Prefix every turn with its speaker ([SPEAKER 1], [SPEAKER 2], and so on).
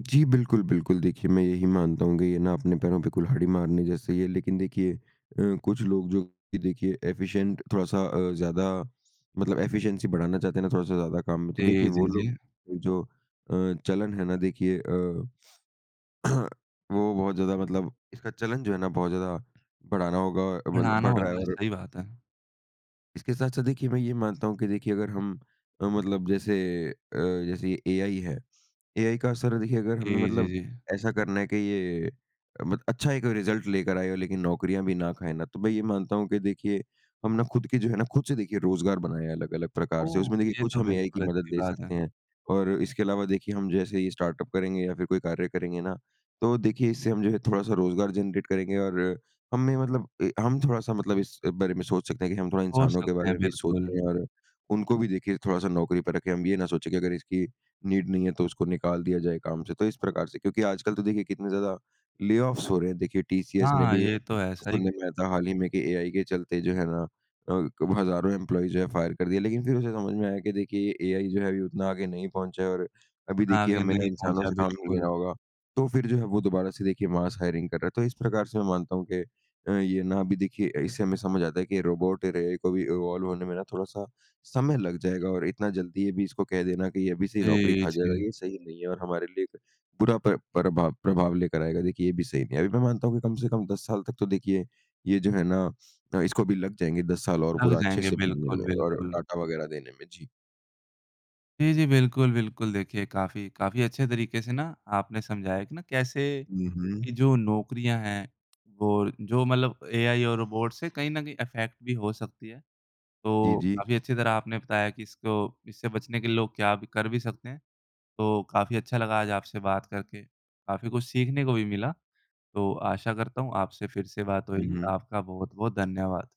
[SPEAKER 1] जी बिल्कुल, बिल्कुल देखिए मैं यही मानता हूँ कि ये ना अपने पैरों पे कुल्हाड़ी मारने जैसा ही है, लेकिन देखिए अ, कुछ लोग जो कि देखिए, एफिशिएंट थोड़ा-सा अ, ज्यादा मतलब एफिशिएंसी बढ़ाना चाहते हैं ना थोड़ा-सा ज्यादा काम में तो
[SPEAKER 2] जी,
[SPEAKER 1] देखिए
[SPEAKER 2] जी,
[SPEAKER 1] वो
[SPEAKER 2] जी।
[SPEAKER 1] लोग जो अ, चलन है ना देखिए अ, वो बहुत ज्यादा मतलब इसका चलन जो है ना बहुत ज्यादा बढ़ाना होगा अ, मतलब
[SPEAKER 2] बढ़ाना
[SPEAKER 1] बढ़ रहा है
[SPEAKER 2] होगा,
[SPEAKER 1] और
[SPEAKER 2] सही बात है।
[SPEAKER 1] इसके साथ-साथ देखिए मैं ये मानता हूँ कि देखिए अगर हम अ, मतलब जैसे अ जैसे ये एआई है। एआई का असर देखिए, अगर हमें
[SPEAKER 2] जी, जी,
[SPEAKER 1] मतलब
[SPEAKER 2] जी।
[SPEAKER 1] ऐसा करना है कि ये मत अच्छा एक रिजल्ट लेकर आए लेकिन नौकरियाँ भी ना खाए ना, तो मैं ये मानता हूँ कि देखिए हम ना खुद की जो है ना खुद से देखिए रोज़गार बनाया है अलग-अलग प्रकार से
[SPEAKER 2] ओह!
[SPEAKER 1] उसमें देखिए,
[SPEAKER 2] ये
[SPEAKER 1] कुछ
[SPEAKER 2] तो
[SPEAKER 1] हम एआई की
[SPEAKER 2] बिल्कुल
[SPEAKER 1] मदद
[SPEAKER 2] अच्छी
[SPEAKER 1] ले
[SPEAKER 2] बात है।
[SPEAKER 1] सकते हैं और इसके अलावा देखिए हम जैसे ये स्टार्टअप करेंगे या फिर कोई कार्य करेंगे ना, तो देखिए इससे हम जो है थोड़ा-सा रोजगार जनरेट करेंगे और हमें मतलब ए हम थोड़ा-सा मतलब इस बारे में सोच सकते है की हम थोड़ा
[SPEAKER 2] हो
[SPEAKER 1] इंसानों के
[SPEAKER 2] सकते
[SPEAKER 1] बारे
[SPEAKER 2] हैं
[SPEAKER 1] में भी
[SPEAKER 2] बिल्कुल।
[SPEAKER 1] सोचे और उनको भी देखिए थोड़ा-सा नौकरी पर रखे हम ये ना सोचे की अगर इसकी नीड नहीं है तो उसको निकाल दिया जाए काम से। तो इस प्रकार से, क्योंकि आजकल तो देखिए कितने ज्यादा ले-ऑफ्स हो रहे हैं देखिए टीसीएस ने
[SPEAKER 2] हाँ,
[SPEAKER 1] भी
[SPEAKER 2] ये तो है। सही
[SPEAKER 1] सुनने में
[SPEAKER 2] है।
[SPEAKER 1] आया था, हाल ही में की एआई के चलते जो है ना, अ, हज़ारों एम्प्लॉई जो है फायर कर दिए। लेकिन फिर उसे समझ में आया कि देखिए एआई जो है अभी उतना आगे नहीं पहुँचा है और अभी
[SPEAKER 2] इतना
[SPEAKER 1] देखिए
[SPEAKER 2] आगे
[SPEAKER 1] हमें ना
[SPEAKER 2] नहीं
[SPEAKER 1] इंसानों
[SPEAKER 2] पहुँचा,
[SPEAKER 1] से काम नहीं लेना
[SPEAKER 2] बिल्कुल।
[SPEAKER 1] होगा तो फिर जो है वो दोबारा से देखिए मास हायरिंग कर रहा है तो इस प्रकार से मैं मानता हूँ के अ, ये ना अभी देखिए इससे हमें समझ आता है कि ये रोबोट और एआई को भी इवॉल्व होने में ना थोड़ा-सा समय लग जाएगा और इतना जल्दी ये भी इसको कह देना की ये अभी से ही नौकरी
[SPEAKER 2] जी,
[SPEAKER 1] खा जाएगा
[SPEAKER 2] जी।
[SPEAKER 1] ये सही नहीं है और हमारे लिए बुरा प्र प्रभाव प्रभाव लेकर आएगा, देखिए ये भी सही नहीं है। अभी मैं मानता हूँ कि कम से कम 10 साल तक तो देखिए ये जो है ना अ, इसको भी लग जाएँगे 10 साल और
[SPEAKER 2] लग
[SPEAKER 1] पूरा अच्छे
[SPEAKER 2] जाएँगे।
[SPEAKER 1] से बनने
[SPEAKER 2] बिल्कुल,
[SPEAKER 1] में और
[SPEAKER 2] बिल्कुल।
[SPEAKER 1] डाटा वग़ैरह देने में जी।
[SPEAKER 2] जी, जी। बिल्कुल, बिल्कुल देखिए काफ़ी काफ़ी अच्छे तरीके से ना आपने समझाया कि ना कैसे
[SPEAKER 1] हुँ,
[SPEAKER 2] कि
[SPEAKER 1] हुँ।
[SPEAKER 2] जो नौकरियाँ हैं वो जो मतलब एआई और रोबोट से कहीं न कहीं अफैक्ट भी हो सकती है।
[SPEAKER 1] जी,
[SPEAKER 2] तो
[SPEAKER 1] जी।
[SPEAKER 2] काफ़ी अच्छी तरह आपने बताया कि इसको इससे बचने के लिए लोग क्या भी कर भी सकते हैं। तो काफ़ी अच्छा लगा आज आपसे बात करके, काफ़ी कुछ सीखने को भी मिला। तो आशा करता हूँ, आपसे फिर से बात
[SPEAKER 1] हुँ,
[SPEAKER 2] होएगी।
[SPEAKER 1] हुँ।
[SPEAKER 2] आपका बहुत-बहुत धन्यवाद।